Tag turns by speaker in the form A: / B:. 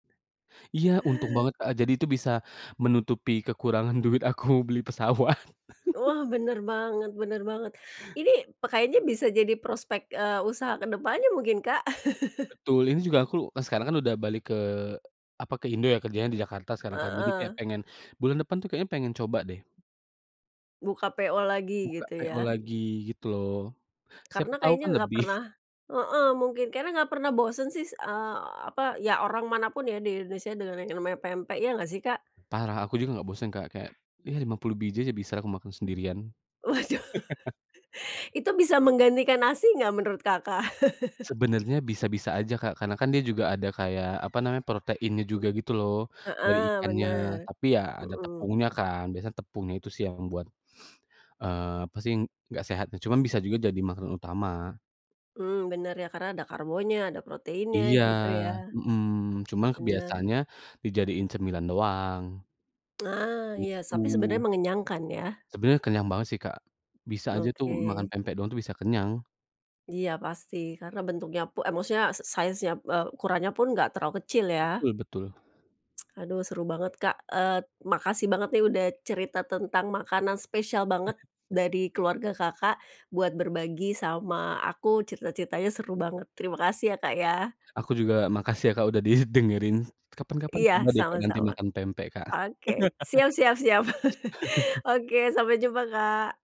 A: Iya untung banget Kak, jadi itu bisa menutupi kekurangan duit aku beli pesawat.
B: Wah bener banget bener banget. Ini pe kayaknya bisa jadi prospek, eee, usaha kedepannya mungkin Kak.
A: Betul ini juga aku lu e sekarang kan udah balik ke apa? ke Indo ya kerjanya di Jakarta sekarang kan, jadi kayak
B: Heeh.
A: pengen bulan depan tuh kayaknya pengen coba deh.
B: Buka PO lagi
A: Buka
B: gitu
A: PO
B: ya.
A: lagi gitu loh. Siapa
B: Karena
A: tahu
B: kayaknya
A: kan
B: nggak
A: lebih.
B: pernah heeh mungkin, karena nggak pernah bosen sih eee apa? Ya orang manapun ya di Indonesia dengan yang namanya pempek ya nggak sih Kak?
A: Parah aku juga nggak bosen Kak, kayak ya 50 biji aja bisalah aku makan sendirian.
B: Waduh. Itu bisa menggantikan nasi nggak menurut Kakak?
A: Sebenarnya bisa-bisa aja Kak, karena kan dia juga ada kayak apa namanya proteinnya juga gitu loh, dari
B: Heeh,
A: ikannya.
B: bener.
A: Tapi ya ada
B: Mhm.
A: tepungnya kan biasanya tepungnya itu sih yang membuat eee pasti nggak sehat, nah cuman bisa juga jadi makanan utama.
B: Hmm, bener ya karena ada karbonya, ada proteinnya
A: Iya,
B: gitu ya.
A: mhm, cuman
B: Bener.
A: kebiasaannya dijadiin cemilan doang.
B: Nah, iya, sapi sebenarnya
A: Gitu.
B: mengenyangkan ya.
A: Sebenarnya kenyang banget sih Kak. Bisa aja tuh makan
B: Oke.
A: pempek doang tuh bisa kenyang.
B: Iya pasti. Karena bentuknya pu e maksudnya s size-nya e ukurannya pun nggak terlalu kecil ya.
A: Betul, betul.
B: Aduh seru banget Kak. Eee, makasih banget nih udah cerita tentang makanan spesial banget
A: Heeh.
B: dari keluarga Kakak, buat berbagi sama aku, cerita-ceritanya seru banget, terimakasih ya Kak ya.
A: Aku juga makasih ya Kak udah didengerin. Kapan-kapan coba
B: Iya,
A: deh Kak nanti
B: sama-sama.
A: makan pempek Kak.
B: Oke. Siap, siap, siap. Oke, sampai jumpa Kak.